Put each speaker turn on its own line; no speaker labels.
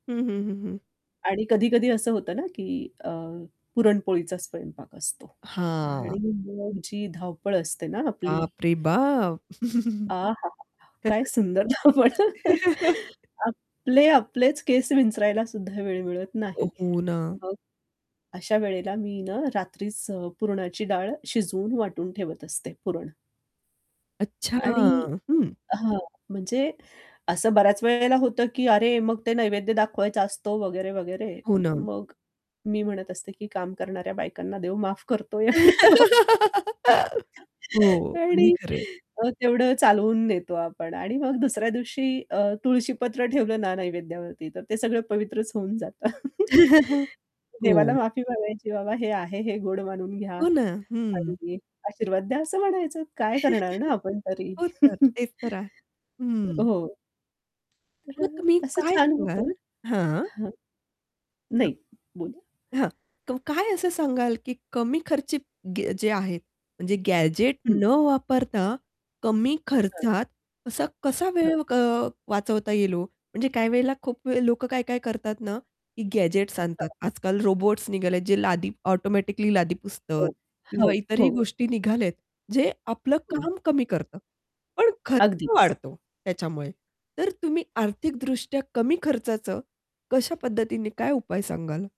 हं, हं, हं, हं.
आणि कधी-कधी असं होतं ना, की अ, पुरणपोळीचा स्वयंपाक असतो.
हां.
आणि मग जी धावपळ असते ना आपली.
बापरे, बाप!
आहाहा! काय
[unintelligible]
सुंदर धावपळ आपले आपलेच केस विंचरायला सुद्धा वेळ मिळत
अ,
नाही.
हो ना.
मग अशा वेळेला मी ना रात्रीच अ, पुरणाची डाळ शिजवून वाटून ठेवत असते पुरण.
अच्छा,
आणि
हं.
हां, म्हणजे असं बऱ्याच वेळेला होतं की "अरे, मग ते नैवेद्य दाखवायचा असतो," वगैरे-वगैरे.
हो
म
ना.
मग मी म्हणत असते की "काम करणाऱ्या बायकांना देव माफ करतो." एवढे [unintelligible]
हो, अगदी
आणि
खरं आहे.
अ, तेवढं चालवून नेतो आपण आणि मग दुसऱ्या दिवशी अ, तुळशी पत्र ठेवलं ना नैवेद्यावरती, तर ते सगळं पवित्रच होऊन जातं. देवाला
हो.
माफी मागायची, "बाबा हे आहे हे गोड मानून घ्या"
हो ना, हं.
आणि आशीर्वाद द्या असं म्हणायचं. काय करणार ना आपण तरी.
हो तर, तेच तर आहे. हं.
हो. तर
मग
अ,
तुम्ही
असं
काय
छान होतं.
सांगाल? हां.
हां. नाही, बोला.
हां, क काय असं सांगाल, की कमी खर्ची गे जे आहेत म्हणजे गॅजेट
हं.
न वापरता कमी
हां.
खर्चात कसा कसा
हां.
वेळ अ, वाचवता येईल ओ? म्हणजे काही वेळेला खूप लोक काय-काय करतात ना, की गॅजेट्स आणतात.
हां.
आजकाल रोबोट्स निघालेत, जे लादी ऑटोमॅटिकली लादी पुसत
हो.
किंवा
हो,
इतरही
हो.
गोष्टी निघालेत जे आपल
हं.
काम कमी करत. पण खर्च
अगदीच.
वाढतो त्याच्यामुळे, तर तुम्ही आर्थिक दृष्ट्या कमी खर्चाच कश्या पद्धतीने काय उपाय सांगाल?